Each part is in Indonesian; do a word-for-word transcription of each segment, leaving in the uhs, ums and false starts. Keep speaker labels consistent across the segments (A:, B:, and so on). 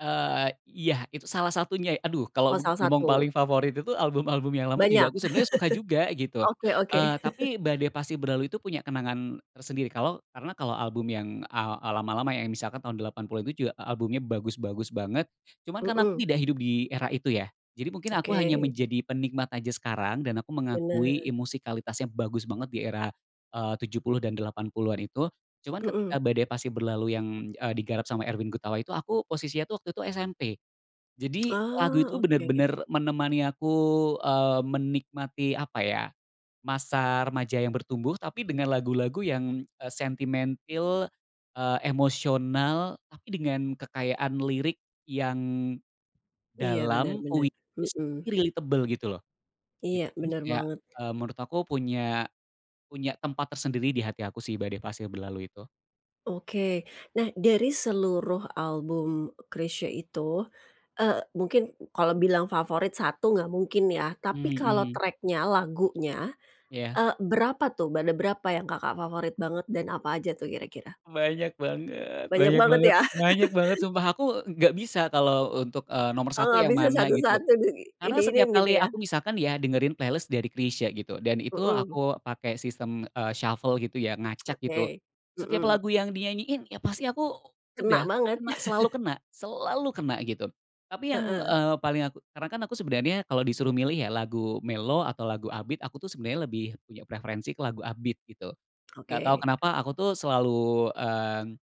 A: Eee, iya. Itu salah satunya, aduh,
B: Oh,
A: kalau
B: salah
A: ngomong
B: satu.
A: paling favorit itu, album-album yang lama juga
B: Banyak.
A: aku sebenernya suka juga, gitu.
B: Oke oke.
A: Eee, tapi, Badai Pasti Berlalu itu punya kenangan tersendiri, kalau karena kalau album yang a eee, lama-lama ya, misalkan tahun delapan puluh itu juga albumnya bagus-bagus banget. Cuman karena aku
B: Mhm.
A: tidak hidup di era itu ya, jadi mungkin aku hanya
B: Oke.
A: menjadi penikmat aja sekarang, dan aku mengakui
B: Benar.
A: i musikalitasnya bagus banget di era, eee, tujuh puluh dan delapan puluhan itu. Cuman
B: Mhm.
A: ketika Badai Pasti Berlalu yang, eee, digarap sama Erwin Gutawa itu, aku posisinya tuh waktu itu SMP. Jadi lagu itu
B: Oh, oke.
A: bener-bener menemani aku, eee, menikmati, apa ya, masa remaja yang bertumbuh, tapi dengan lagu-lagu yang, eee, sentimentil, eee, emosional, tapi dengan kekayaan lirik yang
B: Iya, bener
A: dalam,
B: bener.
A: puitis
B: Mhm.
A: tapi relatable, gitu loh. Gitu,
B: Iya,
A: jadi
B: bener
A: kayak,
B: banget.
A: eee, menurut aku punya punya tempat tersendiri di hati aku sih, Badai Pasti Berlalu itu.
B: Oke. Nah, dari seluruh album Chrisye itu, eee, mungkin kalau bilang favorit satu nggak mungkin, ya. Tapi kalau
A: Mhm.
B: track-nya, lagunya,
A: Iya.
B: eee, berapa tuh, ada berapa yang Kakak favorit banget dan apa aja tuh kira-kira?
A: Banyak banget,
B: Banyak
A: banyak
B: banget,
A: banget,
B: ya?
A: banyak banget, sumpah aku nggak bisa kalau, eee, untuk, eee, nomor satu
B: Heeh,
A: yang
B: bisa
A: mana, gitu.
B: satu-satu diini
A: Karena setiap
B: iniin gitu,
A: kali
B: ya.
A: aku misalkan ya, dengerin playlist dari Chrisye, gitu, dan itu
B: Mhm.
A: aku pakai sistem, eee, shuffle, gitu ya, ngacak, gitu.
B: Oke.
A: Setiap
B: Mhm.
A: lagu yang dinyanyiin, ya pasti aku
B: Kena
A: udah,
B: banget.
A: kena, selalu kena. Selalu kena, gitu. Tapi yang,
B: Heeh.
A: eee paling aku karena kan aku sebenernya kalau disuruh milih ya lagu mellow atau lagu up beat, aku tuh sebenernya lebih punya preferensi ke lagu up beat, gitu. Nggak tahu
B: Oke.
A: kenapa, aku tuh selalu, mmm,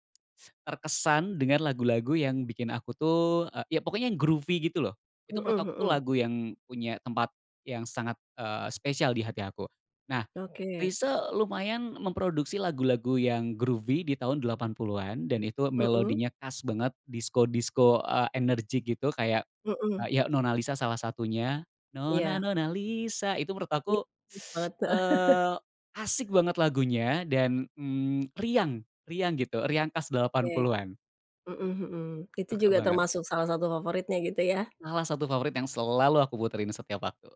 A: terkesan dengan lagu-lagu yang bikin aku tuh, eee, ya pokoknya yang groovy, gitu loh.
B: Mhm,
A: Itu menurut aku tuh
B: mhm.
A: lagu yang punya tempat yang sangat, eee, spesial di hati aku. Nah,
B: Oke.
A: Chrisye lumayan memproduksi lagu-lagu yang groovy di tahun delapan puluhan dan itu
B: Mhm.
A: melodinya khas banget, disko-disko, eee, energik gitu, kayak,
B: Heeh.
A: eee, ya "Nona Lisa" salah satunya. "Nona,
B: Iya.
A: nona, Lisa," itu menurut aku,
B: [unintelligible] Banget.
A: eee, asik banget lagunya dan, mmm, riang riang gitu, riang khas delapan
B: Oke.
A: puluhan.
B: Mhm mhm. Itu
A: Suka
B: juga
A: banget.
B: termasuk salah satu favoritnya, gitu ya?
A: Salah satu favorit yang selalu aku puterin setiap waktu.